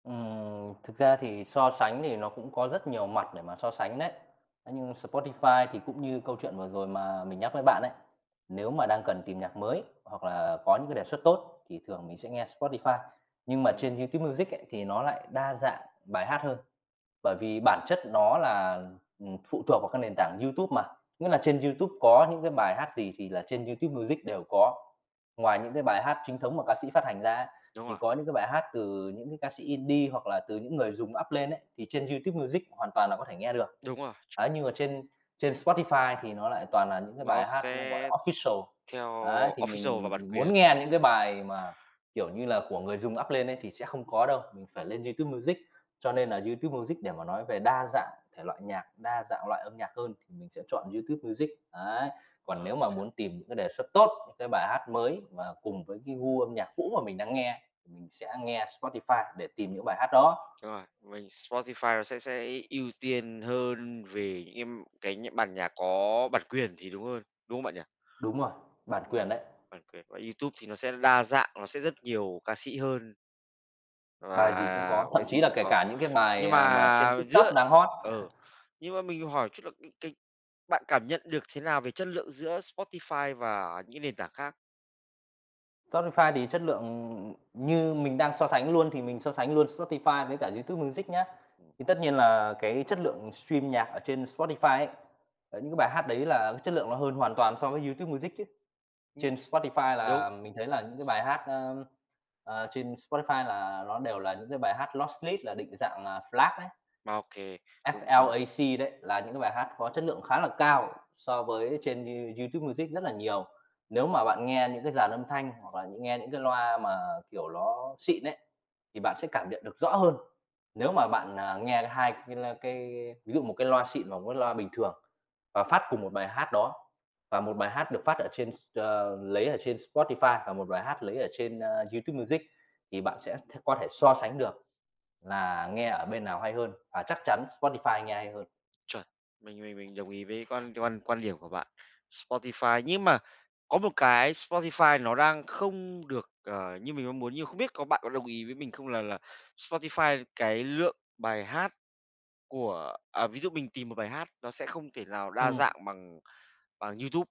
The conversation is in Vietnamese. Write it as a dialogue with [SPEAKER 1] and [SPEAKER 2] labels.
[SPEAKER 1] Ừm, thực ra thì so sánh thì nó cũng có rất nhiều mặt để mà so sánh đấy. Thế nhưng Spotify thì cũng như câu chuyện vừa rồi mà mình nhắc với bạn ấy, nếu mà đang cần tìm nhạc mới hoặc là có những cái đề xuất tốt thì thường mình sẽ nghe Spotify. Nhưng mà trên
[SPEAKER 2] Ừm.
[SPEAKER 1] YouTube Music ấy thì nó lại đa dạng bài hát hơn, bởi vì bản chất nó là, ừm, phụ thuộc vào cái nền tảng YouTube mà, nghĩa là trên YouTube có những cái bài hát gì thì là trên YouTube Music đều có. Ngoài những cái bài hát chính thống mà ca sĩ phát hành ra á,
[SPEAKER 2] Đúng
[SPEAKER 1] thì
[SPEAKER 2] rồi.
[SPEAKER 1] có những cái bài hát từ những cái ca sĩ Indie hoặc là từ những người dùng up lên ấy thì trên YouTube Music hoàn toàn là có thể nghe được.
[SPEAKER 2] Đúng rồi,
[SPEAKER 1] Ấy,
[SPEAKER 2] chuẩn.
[SPEAKER 1] nhưng mà trên trên Spotify thì nó lại toàn là những cái
[SPEAKER 2] Nó
[SPEAKER 1] bài hát nó, gọi là,
[SPEAKER 2] sẽ
[SPEAKER 1] official.
[SPEAKER 2] theo
[SPEAKER 1] Ấy, thì
[SPEAKER 2] official và
[SPEAKER 1] mình
[SPEAKER 2] bản
[SPEAKER 1] muốn
[SPEAKER 2] quyền.
[SPEAKER 1] nghe những cái bài mà, kiểu như là, của người dùng up lên ấy thì sẽ không có đâu, mình phải lên YouTube Music. Cho nên là YouTube Music để mà nói về đa dạng thể loại nhạc, đa dạng loại âm nhạc hơn thì mình sẽ chọn YouTube Music, ấy, còn
[SPEAKER 2] Ờ.
[SPEAKER 1] nếu mà muốn tìm cái đề xuất tốt, cái bài hát mới và cùng với cái gu âm nhạc cũ mà mình đang nghe, thì mình sẽ nghe Spotify để tìm những bài hát đó.
[SPEAKER 2] Đúng rồi, mình Spotify nó sẽ sẽ ưu tiên hơn về những cái cái nh bản nhạc có bản quyền thì đúng hơn, đúng không bạn nhỉ?
[SPEAKER 1] Đúng rồi, bản
[SPEAKER 2] Đúng rồi,
[SPEAKER 1] quyền đấy.
[SPEAKER 2] bản quyền của YouTube thì nó sẽ đa dạng, nó sẽ rất nhiều ca sĩ hơn
[SPEAKER 1] Bài gì cũng
[SPEAKER 2] và
[SPEAKER 1] có, thậm
[SPEAKER 2] cái gì
[SPEAKER 1] chí là
[SPEAKER 2] cũng
[SPEAKER 1] kể
[SPEAKER 2] có.
[SPEAKER 1] cả những cái bài,
[SPEAKER 2] Nhưng
[SPEAKER 1] à, mà trên
[SPEAKER 2] mà
[SPEAKER 1] TikTok
[SPEAKER 2] giữa
[SPEAKER 1] đang hot.
[SPEAKER 2] ừ, nhưng mà mình hỏi chút là cái cái bạn cảm nhận được thế nào về chất lượng giữa Spotify và những nền tảng khác?
[SPEAKER 1] Spotify thì chất lượng. Ừm, như mình đang so sánh luôn thì mình so sánh luôn Spotify với cả YouTube Music nhá,
[SPEAKER 2] Ừm.
[SPEAKER 1] thì tất nhiên là cái chất lượng stream nhạc ở trên Spotify ấy, ờ, những cái bài hát đấy là chất lượng nó hơn hoàn toàn so với YouTube Music chứ.
[SPEAKER 2] Ưm.
[SPEAKER 1] Trên Spotify
[SPEAKER 2] Đúng.
[SPEAKER 1] là mình thấy là những cái bài hát, a, à, trên Spotify là nó đều là những cái bài hát là lossless định dạng là FLAC đấy.
[SPEAKER 2] OK, đúng, đúng.
[SPEAKER 1] F-L-A-C đấy, là những cái bài hát có chất lượng khá là cao so với trên You YouTube Music rất là nhiều. Nếu mà bạn nghe những cái dàn âm thanh hoặc là nghe những cái loa mà, kiểu, ló xịn ấy, thì bạn sẽ cảm nhận được rõ hơn. Nếu mà bạn, à, nghe 2 cái l cái ví dụ một cái loa xịn và một cái loa bình thường và phát cùng một bài hát đó, và một bài hát được phát ở trên s ờ, lấy ở trên Spotify và một bài hát lấy ở trên, ơ, YouTube Music thì bạn sẽ th có thể so sánh được là nghe ở bên nào hay hơn, và chắc chắn Spotify nghe hay hơn.
[SPEAKER 2] Chuẩn. Mình mình mình đồng ý với quan quan quan điểm của bạn, Spotify. Nhưng mà có một cái Spotify nó đang không được, ờ, như mình mong muốn nhưng mà không biết có bạn có đồng ý với mình không là là Spotify cái lượng bài hát của à, ví dụ mình tìm một bài hát nó sẽ không thể nào đa
[SPEAKER 1] Ừm.
[SPEAKER 2] dạng bằng bằng YouTube.